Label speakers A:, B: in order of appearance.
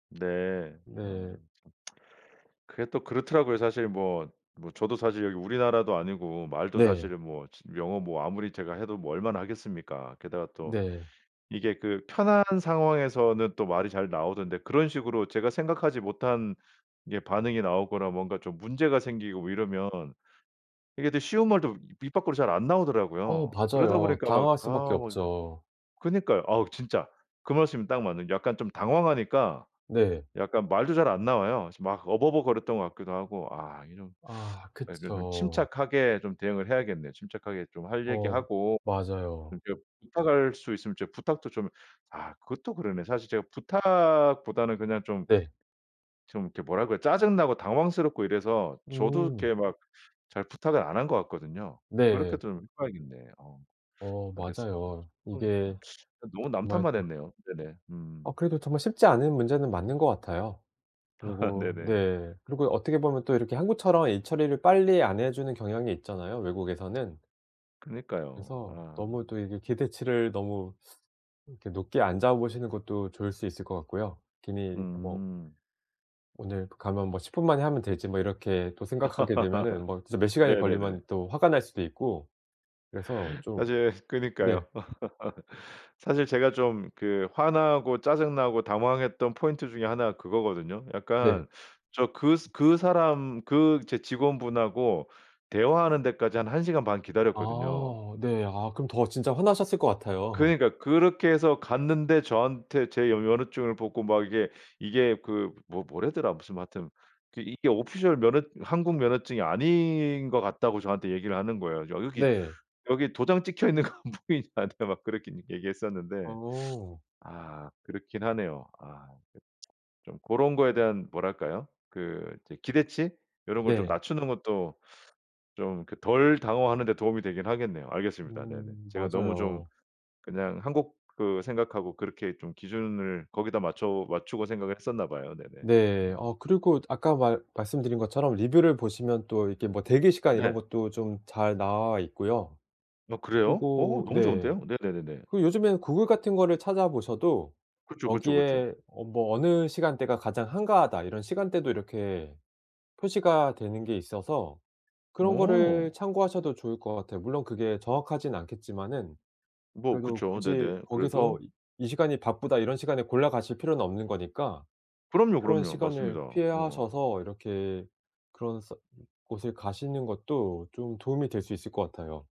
A: 네. 어
B: 네.
A: 참 그게 또 그렇더라고요. 사실 뭐 뭐 저도 사실 여기 우리나라도 아니고 말도
B: 네.
A: 사실은 뭐 진 영어 뭐 아무리 제가 해도 뭐 얼마나 하겠습니까. 게다가 또
B: 네.
A: 이게 그 편한 상황에서는 또 말이 잘 나오던데 그런 식으로 제가 생각하지 못한 이게 반응이 나오거나 뭔가 좀 문제가 생기고 이러면 이게 또 쉬운 말도 입 밖으로 잘 안
B: 어
A: 나오더라고요. 그러다
B: 맞아요.
A: 보니까 막
B: 당황할 수밖에
A: 아 막
B: 없죠.
A: 그니까요. 아우 진짜. 그 말씀이 딱 맞는 약간 좀 당황하니까
B: 네.
A: 약간 말도 잘 안 나와요. 그래서 막 어버버 거렸던 것 같기도 하고 아 이게 좀
B: 아
A: 어쨌든
B: 그쵸.
A: 침착하게 좀 대응을 해야겠네요. 침착하게 좀 할
B: 어
A: 얘기하고
B: 맞아요.
A: [unintelligible] 부탁할 수 있으면 제가 부탁도 좀 아 그것도 그러네. 사실 제가 부탁보다는 그냥 좀
B: 네.
A: 좀 이렇게 뭐라고 그래요. 짜증 나고 당황스럽고 이래서 저도
B: 음.
A: 이렇게 막 잘 부탁을 안 한 것 같거든요. 그렇게
B: 네.
A: 좀 해 봐야겠네. 어.
B: 어
A: 알겠습니다.
B: 맞아요.
A: [unintelligible]
B: 이게
A: 너무 남
B: 정말
A: 탓만
B: 또
A: 했네요. 네네 음.
B: 어 그래도 정말 쉽지 않은 문제는 맞는 것 같아요. 그리고
A: 네네.
B: 네 그리고 어떻게 보면 또 이렇게 한국처럼 일 처리를 빨리 안 해 주는 경향이 있잖아요 외국에서는.
A: 그러니까요.
B: 그래서
A: 아.
B: 너무 또 이게 기대치를 너무 그렇게 높게 안 잡으시는 것도 좋을 수 있을 것 같고요. 괜히 뭐
A: 음.
B: 오늘 가면 뭐 '10 분 만에 하면 되지.' 뭐 이렇게 또 생각하게 되면은 뭐 진짜 몇 시간이
A: 네네네.
B: 걸리면 또 화가 날 수도 있고 그래서 좀
A: 사실
B: 네.
A: 그니까요. 사실 제가 좀 그 화나고 짜증 나고 당황했던 포인트 중에 1 가 그거거든요.
B: 네.
A: 약간 저 그 그 사람 그 이제 직원분하고 대화하는 데까지 한 1 시간 반 기다렸거든요.
B: 아 네. 아 그럼 더 진짜 화나셨을 것 같아요.
A: 그러니까 그렇게 해서 갔는데 저한테 제 면허증을 보고 막 이게 이게 그 뭐 뭐라더라 무슨 뭐 하여튼 그 이게 오피셜 면허 한국 면허증이 아닌 것 같다고 저한테 얘기를 하는 거예요. "여기,
B: 네.
A: 여기 도장 찍혀 있는 거 안 보이냐." 나한테 막 그렇게 얘기했었는데
B: 어.
A: 아 그렇긴 하네요. 아. 그 좀 고런 거에 대한 뭐랄까요? 그 기대치? 요런 걸 좀
B: 네.
A: 낮추는 것도 좀 덜 당황하는 데 도움이 되긴 하겠네요. 알겠습니다. 네네
B: 음
A: 제가 너무 좀
B: 맞아요.
A: 그냥 한국 그 생각하고 그렇게 좀 기준을 거기다 맞춰 맞추고 생각을 했었나 봐요. 네네
B: 네.
A: 음.
B: 어 그리고 아까 말 말씀드린 것처럼 리뷰를 보시면 또 이렇게 뭐 대기 시간 이런
A: 네.
B: 것도 좀 잘 나와 있고요.
A: 아 그래요? 어
B: 그리고
A: 너무
B: 네.
A: 좋은데요? 네네네네.
B: 그리고 요즘에는 구글 같은 거를 찾아 보셔도
A: 그쵸, 그쵸, 그쵸.
B: "여기에 뭐 어느 시간대가 가장 한가하다." 이런 시간대도 이렇게 표시가 되는 게 있어서 그런 거를
A: 어.
B: 참고하셔도 좋을 것 같아요. 물론 그게 정확하진 않겠지만은
A: 뭐
B: 그래도
A: 그쵸.
B: 굳이
A: 네네.
B: 거기서
A: 그래도
B: 이 "이 시간이 바쁘다." 이런 시간에 골라가실 필요는 없는 거니까
A: 그럼요,
B: 그런
A: 그럼요.
B: 시간을
A: 맞습니다. 어.
B: 피하셔서 이렇게 그런 서 곳을 가시는 것도 좀 도움이 될 수 있을 것 같아요.